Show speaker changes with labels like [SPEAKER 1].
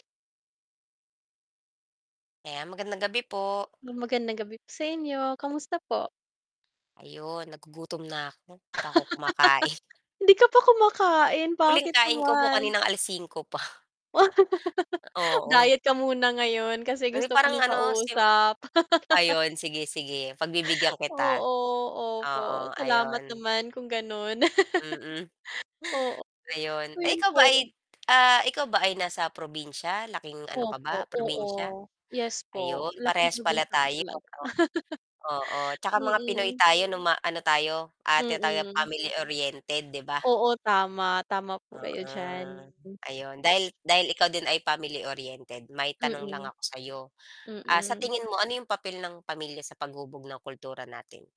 [SPEAKER 1] Ayan, magandang gabi po.
[SPEAKER 2] Magandang gabi po sa inyo kamusta po?
[SPEAKER 1] Ayon, nagugutom na ako 'di pa ako kumakain.
[SPEAKER 2] Hindi ka pa kumakain
[SPEAKER 1] Huling
[SPEAKER 2] bakit
[SPEAKER 1] kain ko po
[SPEAKER 2] naman
[SPEAKER 1] kaninang 5:00 pa. Oo,
[SPEAKER 2] diet ka muna ngayon kasi
[SPEAKER 1] na
[SPEAKER 2] gusto ko
[SPEAKER 1] parang
[SPEAKER 2] ng
[SPEAKER 1] ano,
[SPEAKER 2] kausap.
[SPEAKER 1] ayon sige sige pagbibigyan kita.
[SPEAKER 2] Oo. Opo,
[SPEAKER 1] Oo,
[SPEAKER 2] salamat
[SPEAKER 1] ayon.
[SPEAKER 2] naman kung ganon.
[SPEAKER 1] Mm.
[SPEAKER 2] Oo,
[SPEAKER 1] Ayon ay
[SPEAKER 2] iyon
[SPEAKER 1] ikaw
[SPEAKER 2] po.
[SPEAKER 1] ba ay ah ikaw ba ay nasa probinsya laking ano ka
[SPEAKER 2] Opo,
[SPEAKER 1] ba
[SPEAKER 2] oo
[SPEAKER 1] probinsya?
[SPEAKER 2] yes po
[SPEAKER 1] Ayon
[SPEAKER 2] laking
[SPEAKER 1] parehas pala
[SPEAKER 2] probinsya po
[SPEAKER 1] tayo.
[SPEAKER 2] talaga.
[SPEAKER 1] Oo, tsaka mga pinoy
[SPEAKER 2] Mm.
[SPEAKER 1] tayo nung ma ano tayo ah tinatawag tayo
[SPEAKER 2] Mm.
[SPEAKER 1] family-oriented 'di ba?
[SPEAKER 2] Oo tama, tama po kayo
[SPEAKER 1] Oo.
[SPEAKER 2] diyan.
[SPEAKER 1] Ayon dahil dahil ikaw din ay family-oriented may tanong lang
[SPEAKER 2] Mm.
[SPEAKER 1] ako sayo, ah sa
[SPEAKER 2] Mm.
[SPEAKER 1] tingin mo ano yung papel ng pamilya sa paghubog ng kultura natin?